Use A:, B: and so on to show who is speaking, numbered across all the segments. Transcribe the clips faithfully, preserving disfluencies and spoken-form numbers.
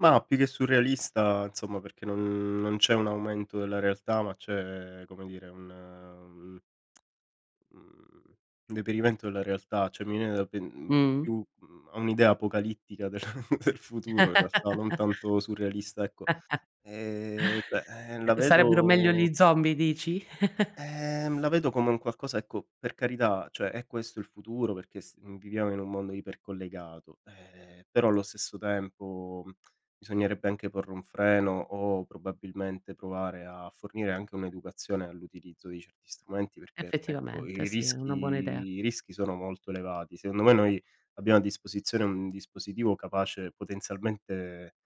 A: Mah, più che surrealista insomma perché non non c'è un aumento della realtà, ma c'è come dire un un, mhmm, deperimento della realtà, cioè mi viene da pen mhmm,
B: Mh-mh.
A: più, mhmm, a un'idea apocalittica del del futuro in realtà, non tanto surrealista, ecco. Ehm, cioè, eh la
B: Eh, sarebbero meglio
A: vedo
B: gli zombie dici?
A: Ehm, la vedo come un qualcosa ecco, per carità, cioè è questo il futuro perché s viviamo in un mondo iper collegato, eh, però allo stesso tempo bisognerebbe anche porre un freno o probabilmente provare a fornire anche un'educazione all'utilizzo di certi strumenti perché ecco,
B: Effettivamente
A: i
B: sì, è
A: rischi
B: una buona idea.
A: i rischi sono molto elevati. Secondo me noi abbiamo a disposizione un dispositivo capace potenzialmente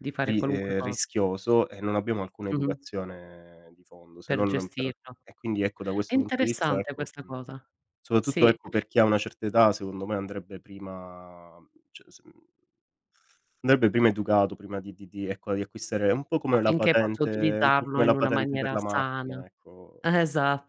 B: Di fare
A: ri
B: qualunque
A: ehm,
B: co
A: rischioso e non abbiamo alcuna
B: Mh-mh.
A: educazione di fondo, se
B: Per
A: non per
B: gestirlo.
A: e quindi ecco da
B: È
A: questo punto di vista
B: interessante
A: ecco,
B: questa
A: mhmm,
B: cosa.
A: sopatutto
B: Sì.
A: ecco per chi ha una certa età secondo me andrebbe prima c s mhmm, ndebbe prima educato prima di di di ecco, di acquistare un po' come la
B: Affinché [unintelligible]
A: patente un po'
B: utilizzarlo
A: come la
B: in una
A: patente per
B: maniera
A: la
B: sana.
A: macchina, ecco.
B: Eh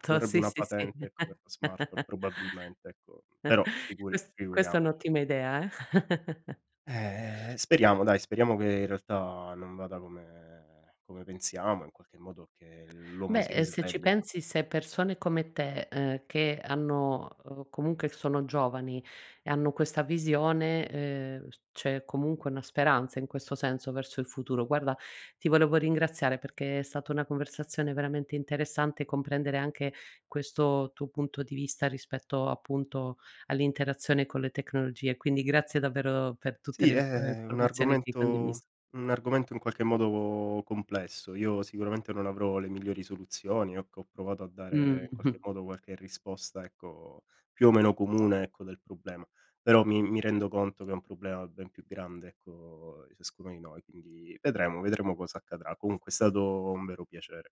A: Ci vorrebbe
B: sì,
A: una
B: sì, sì.
A: patente ecco, per la smartphone probabilmente, ecco, però figuri
B: Ques questa è
A: figuriamoci.
B: un'ottima idea eh!
A: Eh speriamo dai, speriamo che in realtà non vada come come pensiamo, in qualche modo che l'uomo
B: Beh,
A: si
B: uhm, se ci
A: risvegli, ecco.
B: pensi, se persone come te, ehm, che hanno, uhm, comunque sono giovani e hanno questa visione, ehm, s c'è comunque una speranza in questo senso, verso il futuro. Guarda, ti volevo ringraziare perché è stata una conversazione veramente interessante, comprendere anche questo tuo punto di vista rispetto, appunto all'interazione con le tecnologie. Quindi grazie davvero per tutte
A: Sì,
B: le in e
A: è un
B: informazioni che hai condiviso.
A: argomento un argomento in qualche modo complesso. Io sicuramente non avrò le migliori soluzioni, occo ho provato a dare
B: Mh.
A: in qualche modo qualche risposta ecco, più o meno comune ecco, del problema, però mi mi rendo conto che è un problema ben più grande ecco, di ciascuno di noi, quindi vedremo, vedremo cosa accadrà. Comunque è stato un vero piacere.